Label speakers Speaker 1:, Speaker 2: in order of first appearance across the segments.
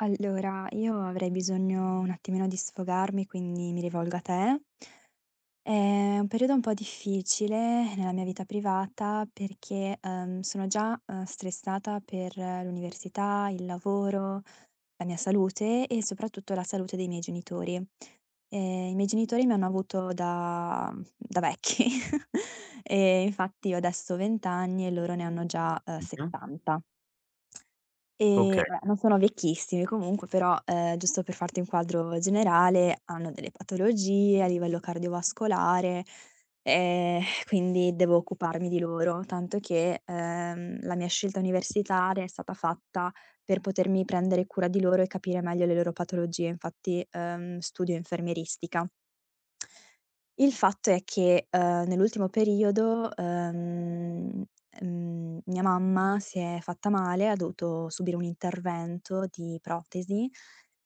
Speaker 1: Allora, io avrei bisogno un attimino di sfogarmi, quindi mi rivolgo a te. È un periodo un po' difficile nella mia vita privata perché, ehm, sono già, uhm, stressata per l'università, il lavoro, la mia salute e soprattutto la salute dei miei genitori. Ehm, i miei genitori mi hanno avuto da mhmm, da vecchi e infatti io adesso ho 20 anni e loro ne hanno già, uhm,
Speaker 2: [unintelligible]
Speaker 1: 70 ehm,
Speaker 2: Okay.
Speaker 1: vabbè, non sono vecchissimi comunque però, ehm, giusto per farti un quadro generale, hanno delle patologie a livello cardiovascolare, ehm, quindi devo occuparmi di loro, tanto che, ehm, la mia scelta universitaria è stata fatta per potermi prendere cura di loro e capire meglio le loro patologie. Infatti, uhm, studio infermieristica. Il fatto è che, uhm, nell'ultimo periodo, uhm, ehm, mia mamma si è fatta male, ha dovuto subire un intervento di protesi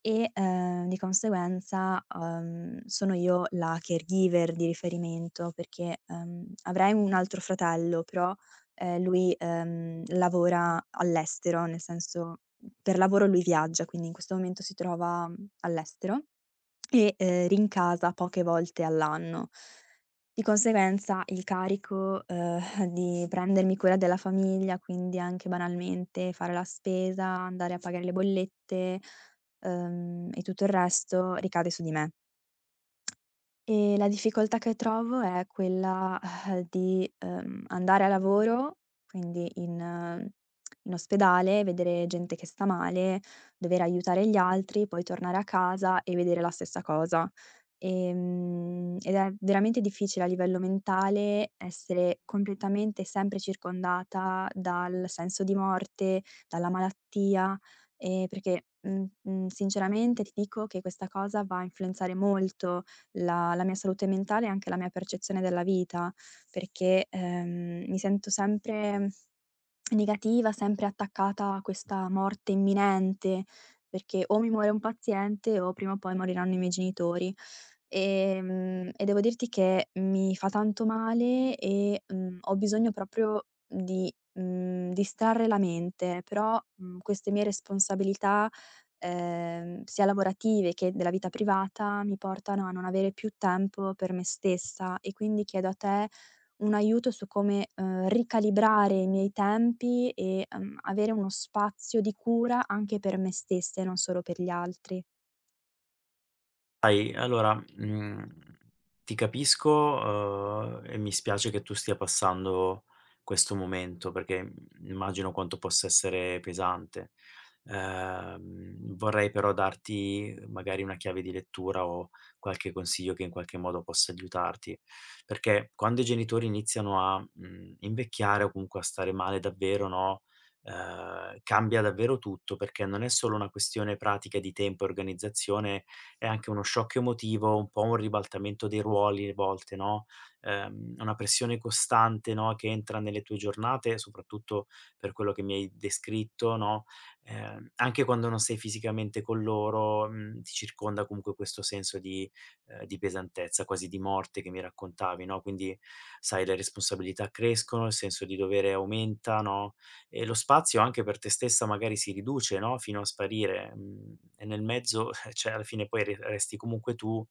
Speaker 1: e, ehm, di conseguenza, uhm, sono io la caregiver di riferimento perché, ehm, avrei un altro fratello però, ehm, lui, ehm, lavora all'estero, nel senso per lavoro lui viaggia, quindi in questo momento si trova all'estero e, uhm, rincasa poche volte all'anno. Di conseguenza il carico, uhm, di prendermi cura della famiglia, quindi anche banalmente fare la spesa, andare a pagare le bollette, uhm, e tutto il resto ricade su di me, e la difficoltà che trovo è quella, uhm, di, uhm, andare a lavoro, quindi in in ospedale, vedere gente che sta male, dover aiutare gli altri, poi tornare a casa e vedere la stessa cosa. Ehm, ed è veramente difficile a livello mentale essere completamente e sempre circondata dal senso di morte, dalla malattia, ehm, perché, mhmm, mhmm, sinceramente ti dico che questa cosa va a influenzare molto la la mia salute mentale e anche la mia percezione della vita, perché, ehm, mi sento sempre negativa, sempre attaccata a questa morte imminente, perché o mi muore un paziente o prima o poi moriranno i miei genitori. Ehm, e devo dirti che mi fa tanto male e, mhmm, ho bisogno proprio di, mhmm, distrarre la mente. Però, mhmm, queste mie responsabilità, ehm, sia lavorative che della vita privata, mi portano a non avere più tempo per me stessa, e quindi chiedo a te un aiuto su come, uhm, ricalibrare i miei tempi e, uhm, avere uno spazio di cura anche per me stessa e non solo per gli altri.
Speaker 2: Hai Allora, mhmm, ti capisco, uhm, e mi spiace che tu stia passando questo momento, perché, mhmm, immagino quanto possa essere pesante. Ehm, vorrei però darti magari una chiave di lettura o qualche consiglio che in qualche modo possa aiutarti. Perché quando i genitori iniziano a, mhmm, invecchiare, o comunque a stare male davvero, no, ehm, cambia davvero tutto, perché non è solo una questione pratica di tempo e organizzazione, è anche uno shock emotivo, un po' un ribaltamento dei ruoli, a volte, no, ehm, una pressione costante, no, che entra nelle tue giornate, soprattutto per quello che mi hai descritto, no, ehm, anche quando non sei fisicamente con loro, mhmm, ti circonda comunque questo senso di uhm, di pesantezza, quasi di morte che mi raccontavi, no, quindi, sai, le responsabilità crescono, il senso di dovere aumenta, no, e lo spazio anche per te stessa magari si riduce, no, fino a sparire. Mhmm, e nel mezzo cioè, alla fine, poi, arriveresti comunque tu,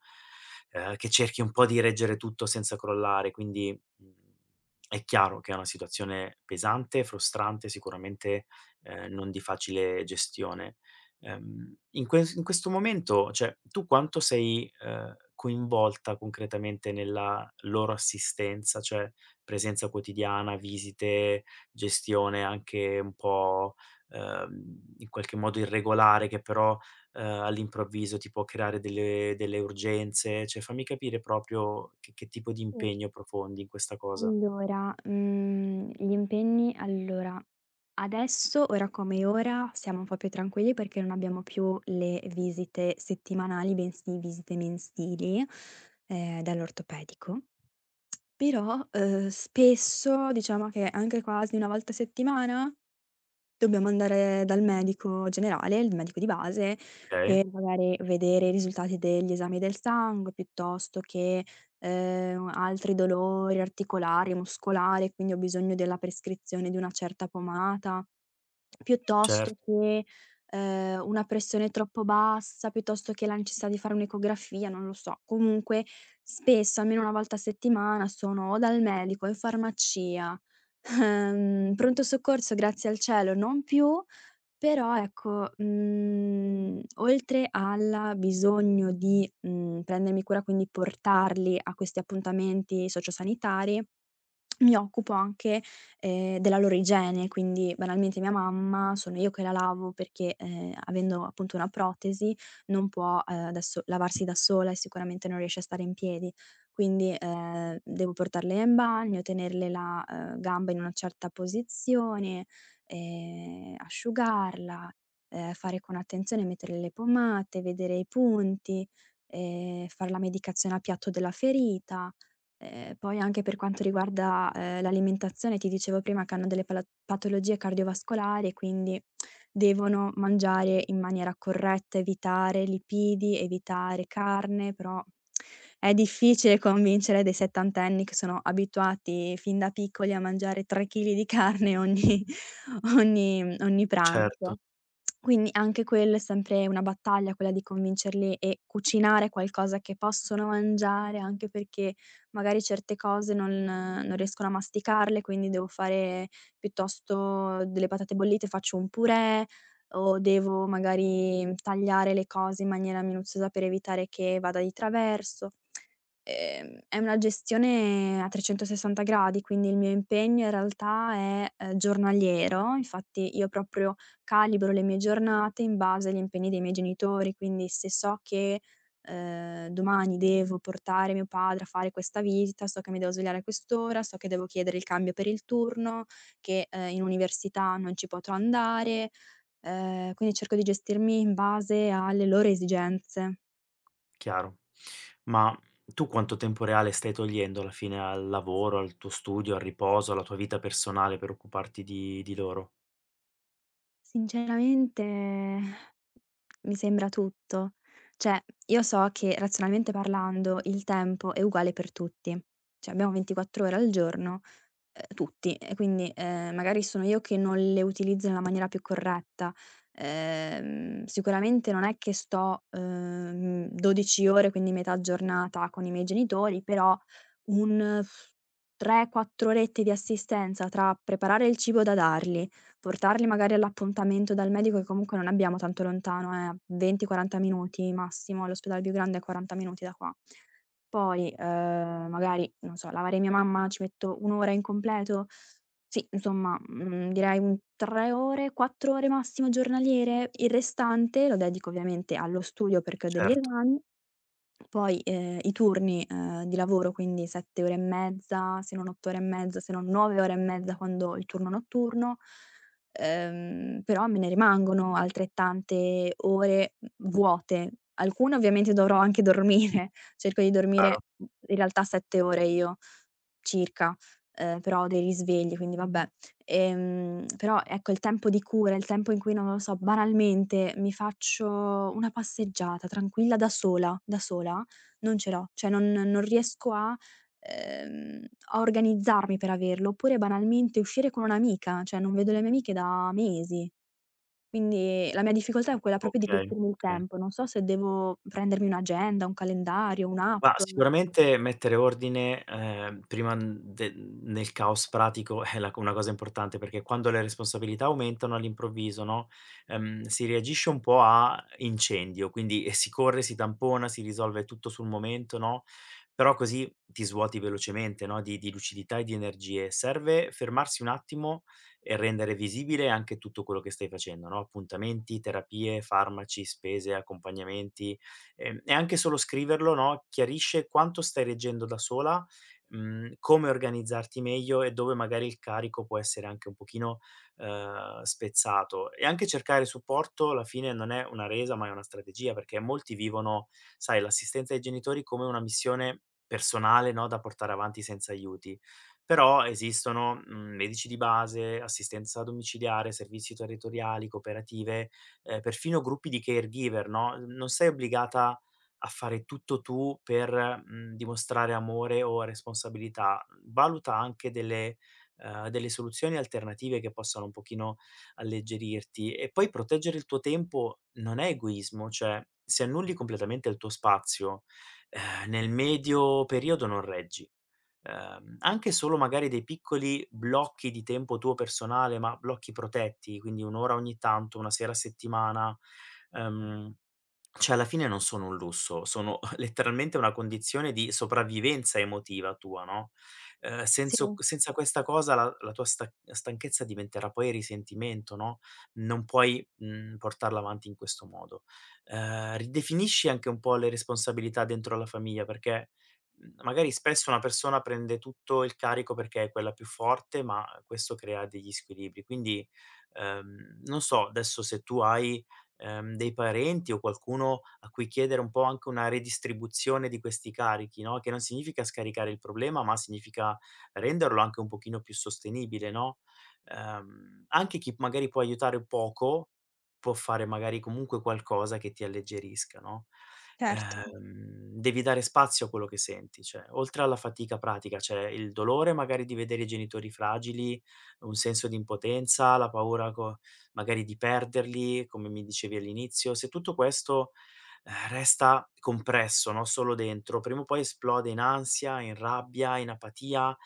Speaker 2: uhm, che cerchi un po' di reggere tutto senza crollare. Quindi è chiaro che è una situazione pesante, frustrante, sicuramente, uhm, non di facile gestione. Ehm, in ques in questo momento, cioè, tu quanto sei, uhm, coinvolta concretamente nella loro assistenza? Cioè, presenza quotidiana, visite, gestione anche un po', uhm, in qualche modo irregolare che però, uhm, all'improvviso ti può creare delle delle urgenze, cioè fammi capire proprio che che tipo di
Speaker 1: Sì.
Speaker 2: impegno profondi in questa cosa.
Speaker 1: Allora, mhmm, gli impegni allora, adesso, ora come ora, siamo un po' più tranquilli perché non abbiamo più le visite settimanali, bensì visite mensili, ehm, dall'ortopedico. Però, uhm, spesso, diciamo, che anche quasi una volta a settimana, dobbiamo andare dal medico generale, il medico di base,
Speaker 2: Okay.
Speaker 1: per magari vedere i risultati degli esami del sangue piuttosto che, ehm, altri dolori articolari e muscolare, quindi ho bisogno della prescrizione di una certa pomata,
Speaker 2: Cer
Speaker 1: piuttosto che, ehm, una pressione troppo bassa, piuttosto che la necessità di fare un'ecografia, non lo so. Comunque, spesso, almeno una volta a settimana, sono o dal medico, o in farmacia. In pronto soccorso grazie al cielo non più. Però, ecco, mhmm, oltre alla bisogno di, mhmm, prendermi cura, quindi portarli a questi appuntamenti socio-sanitari, mi occupo anche, ehm, della loro igiene, quindi banalmente mia mamma sono io che la lavo perché, ehm, avendo appunto una protesi non può, uhm, adesso lavarsi da sola, e sicuramente non riesce a stare in piedi. Quindi, ehm, devo portarla io in bagno, tenerle la, ehm, gamba in una certa posizione, e asciugarla, ehm, fare con attenzione, metterle le pomate, vedere i punti, ehm, fare la medicazione a piatto della ferita. Ehm, poi anche per quanto riguarda, ehm, l'alimentazione, ti dicevo prima, che hanno delle pala patologie cardiovascolare, quindi devono mangiare in maniera corretta, evitare lipidi, evitare carne, però, è difficile convincere dei settantenni che sono abituati fin da piccoli a mangiare 3 chili di carne ogni ogni ogni
Speaker 2: Certo.
Speaker 1: pranzo. Quindi, anche quello è sempre una battaglia, quella di convincerli e cucinare qualcosa che possono mangiare, anche perché magari certe cose non non riescono a masticarle, quindi devo fare piuttosto delle patate bollite, faccio un purè, o devo magari tagliare le cose in maniera minuziosa per evitare che vada di traverso. Ehm, è una gestione a 360° quindi il mio impegno in realtà è, uhm, giornaliero. Infatti io proprio calibro le mie giornate in base agli impegni dei miei genitori. Quindi, se so che, ehm, domani devo portare mio padre a fare questa visita, so che mi devo svegliare a quest'ora, so che devo chiedere il cambio per il turno, che, ehm, in università non ci potrò andare. Ehm, quindi cerco di gestirmi in base alle loro esigenze.
Speaker 2: Chiaro. Ma tu quanto tempo reale stai togliendo alla fine al lavoro, al tuo studio, al riposo, alla tua vita personale per occuparti di di loro?
Speaker 1: Sinceramente mi sembra tutto. Cioè, io so che, razionalmente parlando, il tempo è uguale per tutti. C'abbiamo 24 ore al giorno, uhm, tutti. E quindi, ehm, magari sono io che non le utilizzo nella maniera più corretta. Ehm, sicuramente non è che sto, uhm, 12 ore, quindi metà giornata con i miei genitori, però un 3, 4 orette di assistenza tra preparare il cibo da darli, portarli magari all'appuntamento dal medico, che comunque non abbiamo tanto lontano, è a 20, 40 minuti massimo, l'ospedale più grande è a 40 minuti da qua. Poi, uhm, magari, non so, lavare mia mamma ci metto 1 ora in completo? Sì, insomma, mhmm, direi un 3 ore, 4 ore massimo giornaliere, il restante lo dedico ovviamente allo studio perché ho degli
Speaker 2: Certo.
Speaker 1: esami. Poi, ehm, i turni, uhm, di lavoro, quindi 7 ore e mezza, se non 8 ore e mezza, se non 9 ore e mezza quando ho il turno notturno. Uhm, però me ne rimangono altrettante ore, mhmm, vuote. Alcune ovviamente dovrò anche dormire. Cerco di
Speaker 2: Caro.
Speaker 1: dormire, mhmm, in realtà, 7 ore io, circa, uhm, però ho dei risvegli, quindi, vabbè. Ehm, però, ecco, il tempo di cura, il tempo in cui non lo so, banalmente mi faccio una passeggiata tranquilla da sola, da sola, non ce l'ho. Cioè, non non riesco a uhm, a organizzarmi per averlo. Oppure banalmente uscire con un'amica, cioè, non vedo le mie amiche da mesi. Quindi la mia difficoltà è quella proprio di
Speaker 2: Okay.
Speaker 1: gestirmi il
Speaker 2: Oka
Speaker 1: tempo. Non so se devo prendermi un'agenda, un calendario,
Speaker 2: Ma,
Speaker 1: un'app.
Speaker 2: sicuramente mettere ordine, ehm, prima, mhmm, de mhmm, nel caos pratico è la c una cosa importante, perché quando le responsabilità aumentano all'improvviso, no, ehm, si reagisce un po' a incendio, quindi si corre, si tampona, si risolve tutto sul momento, no, però così ti svuoti velocemente, no, di di lucidità e di energie. Serve fermarsi un attimo e rendere visibile anche tutto quello che stai facendo, no, appuntamenti, terapie, farmaci, spese, accompagnamenti. Ehm, e anche solo scriverlo, no, chiarisce quanto stai reggendo da sola, mhmm, come organizzarti meglio e dove magari il carico può essere anche un pochino, uhm, spezzato. E anche cercare supporto, alla fine, non è una resa, ma è una strategia, perché molti vivono, sai, l'assistenza ai genitori come una missione personale, no, da portare avanti senza aiuti. Però esistono, mhmm, medici di base, assistenza domiciliare, servizi territoriali, cooperative, uhm, perfino gruppi di caregiver, no, non sei obbligata a fare tutto tu per, mhmm, dimostrare amore o responsabilità, mhmm, valuta anche delle uhm, delle soluzioni alternative che possano un pochino alleggerirti. E poi, proteggere il tuo tempo non è egoismo, cioè, se annulli completamente il tuo spazio, uhm, nel medio periodo non reggi. Uhm, anche solo magari dei piccoli blocchi di tempo tuo personale, ma blocchi protetti, quindi 1 ora ogni tanto, 1 sera a settimana, ehm, cioè, alla fine non sono un lusso, sono letteralmente una condizione di sopravvivenza emotiva tua, no, uhm, senso
Speaker 1: Sì.
Speaker 2: c senza questa cosa, la la tua sta stanchezza diventerà poi risentimento, no, non puoi, mhmm, portarla avanti in questo modo. Ehm, ridefinisci anche un po' le responsabilità dentro la famiglia, perché, mhmm, magari spesso una persona prende tutto il carico perché è quella più forte, ma questo crea degli squilibri. Quindi, uhm, non so adesso se tu hai, ehm, dei parenti o qualcuno a cui chiedere un po' anche una redistribuzione di questi carichi, no, che non significa scaricare il problema, ma significa renderlo anche un pochino più sostenibile, no, ehm, anche chi magari può aiutare un poco, può fare magari comunque qualcosa che ti alleggerisca, no,
Speaker 1: Certo.
Speaker 2: uhm, devi dare spazio a quello che senti. Cioè, oltre alla fatica pratica, c'è il dolore magari di vedere i genitori fragili, un senso di impotenza, la paura co magari di perderli, come mi dicevi all'inizio. Se tutto questo, ehm, resta compresso, no, solo dentro, prima o poi esplode in ansia, in rabbia, in apatia.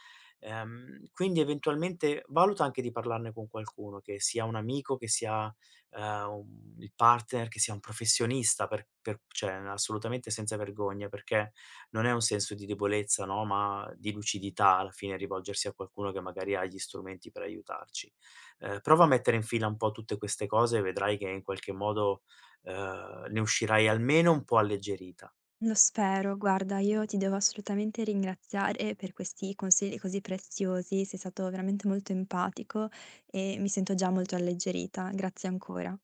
Speaker 2: Ehm, quindi eventualmente, valuta anche di parlarne con qualcuno, che sia un amico, che sia, uhm, un il partner, che sia un professionista, per per cioè, assolutamente senza vergogna, perché non è un senso di debolezza, no, ma di lucidità, alla fine, rivolgersi a qualcuno che magari ha gli strumenti per aiutarci. Uhm, prova a mettere in fila un po' tutte queste cose e vedrai che in qualche modo, uhm, ne uscirai almeno un po' alleggerita.
Speaker 1: Lo spero. Guarda, io ti devo assolutamente ringraziare per questi consigli così preziosi. Sei stato veramente molto empatico, e mi sento già molto alleggerita. Grazie ancora.